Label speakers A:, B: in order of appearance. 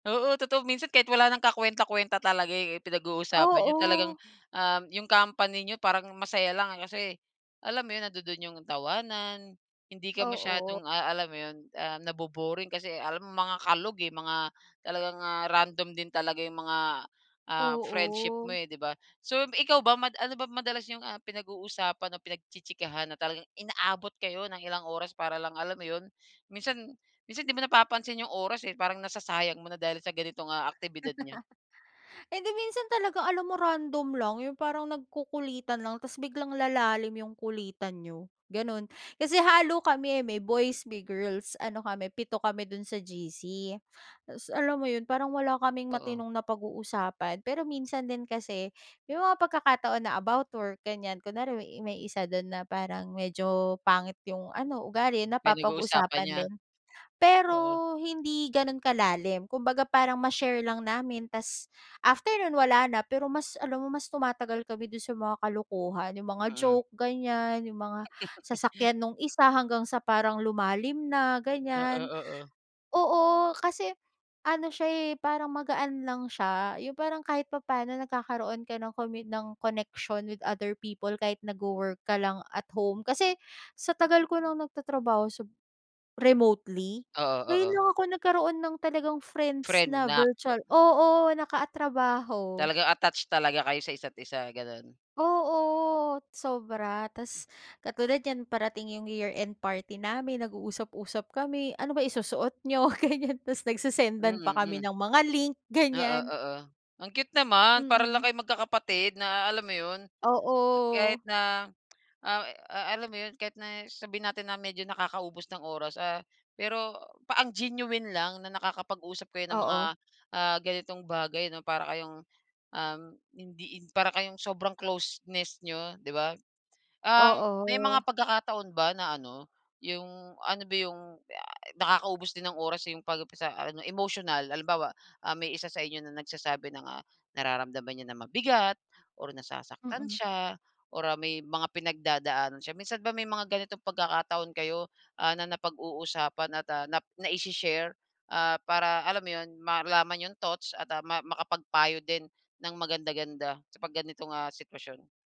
A: Oo, totoo minsan kahit wala nang ka-kwenta-kwenta talaga eh, pinag-uusapan niyo, talagang,
B: Oo.
A: um, 'yong company niyo parang masaya lang, eh. Kasi alam mo 'yon, nandu-do'n 'yong tawanan, hindi ka
B: Oo.
A: masyadong, ah, alam mo 'yon, ah, nabo-boring. Kasi alam mo mga kalog, eh, mga talagang, ah, random din talaga 'yong mga, ah, friendship
B: Oo.
A: mo, eh, di ba. So um, ikaw ba mad ano ba madalas 'yong, ah, pinag-uusapan o pinagchi-chikahan na talagang inaabot kayo ng ilang oras para lang, alam mo 'yon. Minsan minsan 'di mo napapansin 'yong oras eh, parang nasasayang mo na dahil sa ganitong, ah, aktibidad niyo?
B: Hindi, minsan talaga alam mo random lang. 'Yong parang nagkukulitan lang tapos biglang lalalim 'yong kulitan niyo, ganon. Kasi halo kami eh, may boys, may girls, ano kami, pito kami do'n sa GC. Tapos alam mo 'yon, parang wala kaming
A: Oo.
B: matinong napag-uusapan. Pero minsan din kasi 'yong mga pagkakataon na about work, ganyan. Kunwari may may isa do'n na parang medyo pangit 'yong ano, ugali,
A: Pinag-uusapan
B: napapag-uusapan
A: niya.
B: din. Pero,
A: Oo.
B: hindi gano'n kalalim. Kumbaga, parang ma-share lang namin ta's after no'n wala na. Pero mas alam mo mas tumatagal kami do'n sa mga kalokohan. 'Yong mga
A: Mm.
B: joke ganyan, 'yong mga sasakyan no'ng isa hanggang sa parang lumalim na ganyan.
A: Oo, oo.
B: Oo, kasi ano siya eh, parang magaan lang siya. 'Yong parang kahit papano nagkakaroon ka ng komit ng connection with other people kahit nagwo-work ka lang at home. Kasi sa tagal ko ng nagtatrabaho sa remotely,
A: Oo,
B: ngayon
A: oo.
B: lang ako nagkaroon ng talagang friends
A: Friend
B: na
A: na ke
B: virtual, oo, nakatrabaho.
A: Talagang attach talaga kayo sa isa't-isa, gano'n.
B: Oo, sobra ta's katulad niyan parating 'yong year-end party namin, nag-uusap-usap kami, ano bang isusuot niyo? Ganyan. Ta's nagse-sendan pa
A: Mm,
B: kami
A: mm.
B: ng mga link
A: Oo,
B: ganyan.
A: oo. Ang cute naman. Para lang
B: Mhm.
A: kayong magkakapatid na a alam mo 'yon, hmm, kahit
B: Oo.
A: na ah ah, alam mo 'yon. Kahit na sabihin natin na medyo nakakaubos ng oras, ah, pero pa ang genuine lang na nakakapag-usap kayo ng mga,
B: Oo.
A: ah, ganitong bagay, 'no? Para kayong, um, hindi in para kayong sobrang closeness niyo, 'di ba? Um, may
B: Oo.
A: mga pagkakataon ba na ano, 'yong ano ba 'yong, yay, nakakaubos din ng oras 'yong 'pag sa ano emotional. Halimbawa, ah, may isa sa inyo na nagsasabi ng, ah, nararamdaman niya na mabigat or nasasaktan
B: Mm.
A: siya or ah, may mga pinagdadaanan siya. Minsan ba may mga ganitong pagkakataon kayo, ah, na napag-uusapan at, ah, nap naishi-share, ah, para alam mo 'yon, malaman 'yong thoughts at ah, ma makapagpayo din ng maganda-ganda sa 'pag ganitong ah, sitwasyon?